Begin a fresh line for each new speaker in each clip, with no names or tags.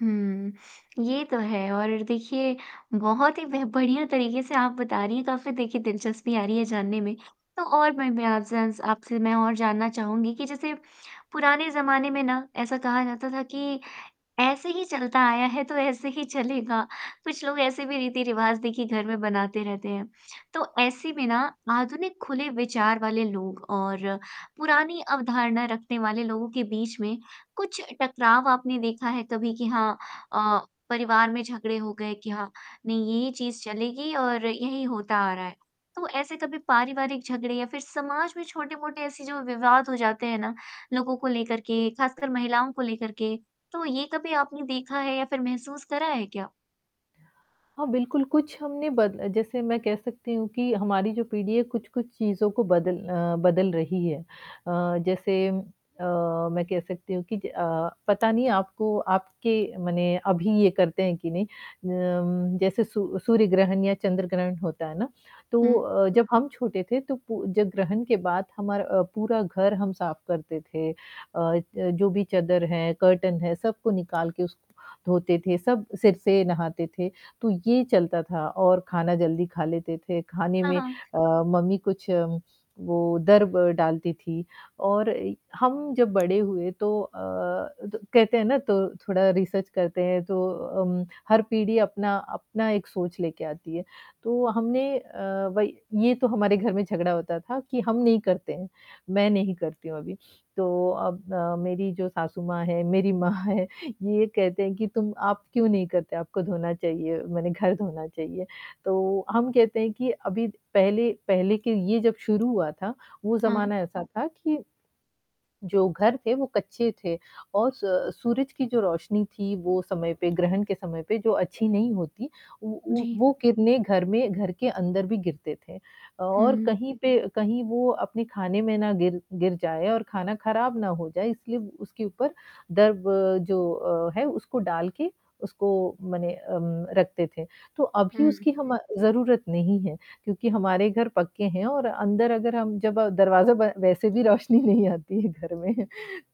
हुँ, ये तो है और देखिए बहुत ही ब बढ़िया तरीके से आप बता रही हैं काफ़ी देखिए दिलचस्पी आ रही है जानने में, तो और मैं मैं आपसे जान आपसे मैं और जानना चाहूँगी कि जैसे, पुराने ज़माने में ना, ऐसा कहा जाता था कि ऐसे ही चलता आया है तो ऐसे ही चलेगा, कुछ लोग ऐसे भी रीति-रिवाज़ देखिए घर में बनाते रहते हैं, तो ऐसे में ना आधुनिक खुले विचार वाले लोग और पुरानी अवधारणा रखने वाले लोगों के बीच में, कुछ टकराव आपने देखा है कभी कि हाँ अ, परिवार में झगड़े हो गए कि हाँ, नहीं ये चीज़ चलेगी और यही होता आ रहा है। तो ऐसे कभी पारिवारिक झगड़े या फिर समाज में छोटे-मोटे ऐसे जो विवाद हो जाते हैं ना लोगों को लेकर के, खासकर महिलाओं को लेकर के, तो ये कभी आपने देखा है या फिर महसूस करा है क्या?
हाँ, बिल्कुल, कुछ हमने बद जैसे मैं कह सकती हूँ कि हमारी जो पीढ़ी है कुछ-कुछ चीज़ों को बदल अ, बदल रही है। अ, जैसे अ, मैं कह सकती हूँ कि अ, पता नहीं आपको आपके माने अभी ये करते हैं कि नहीं। अ, जैसे सूर्य सूर्य ग्रहण या चंद्र-ग्रहण होता है ना, तो
हुँ।
अ, जब हम छोटे थे तो पू जब ग्रहण के बाद हमार अ, पूरा घर हम साफ करते थे अ, जो भी चादर है, कर्टेन हैं, सबको निकाल के उसको धोते थे, सब सिर से नहाते थे, तो ये चलता था। और खाना जल्दी खा लेते थे, खाने
हाँ,
में
हाँ।
अ, मम्मी कुछ वो दर्ब डालती थी। और हम जब बड़े हुए, तो अ, कहते हैं ना, त थोड़ा रिसर्च करते हैं तो उम, हर पीढ़ी अपना अपना एक सोच लेकर आती है। तो हमने अ, भई ये तो हमारे घर में झगड़ा होता था कि हम नहीं करते हैं, मैं नहीं करती हूँ अभी, तो अब अ, मेरी जो सासू माँ हैं, मेरी माँ हैं, ये कहते हैं कि तुम आप क्यों नहीं करते? आपको धोना चाहिए, माने घर धोना चाहिए, तो हम कहते हैं कि अभी पहले पहले के ये जब शुरू हुआ था, वो
हाँ।
ज़माना ऐसा था कि जो घर थे, वो कच्चे थे और स सूरज की जो रोशनी थी, वो समय पे ग्रहण के समय पे जो अच्छी नहीं होती, उ उ
जी।
वो किरणें घर में घर के अंदर भी गिरती थीं। और
हुँ।
कहीं पे कहीं वो अपने खाने में ना गिर गिर जाएँ और खाना खराब ना हो जाए इसलिए उसके ऊपर दर्ब जो है, उसको डाल के उसको मने अ, रखते थे। तो अभी
हुँ।
उसकी हम ज़रूरत नहीं है क्योंकि हमारे घर पक्के हैं और अंदर अगर हम दरवाज़ा बंद वैसे भी रोशनी नहीं आती है घर में,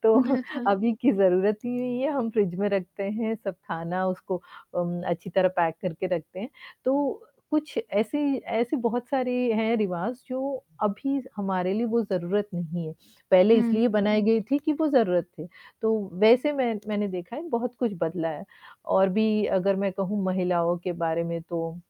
तो
गलत कर
अभी की ज़रूरत ही नहीं है। हम फ्रिज में रखते हैं सब खाना उसको अ, अच्छी तरह पैक करके रखते हैं। तो कुछ ऐसी ऐसी बहुत सारी हैं रिवाज़ जो अभी हमारे लिए वो ज़रूरत नहीं है। पहले
हुँ।
इसलिए बनाई गई थीं कि वो ज़रूरत थी, तो वैसे मैं मैंने देखा है बहुत कुछ बदला है और भी अगर मैं कहूँ महिलाओं के बारे में तो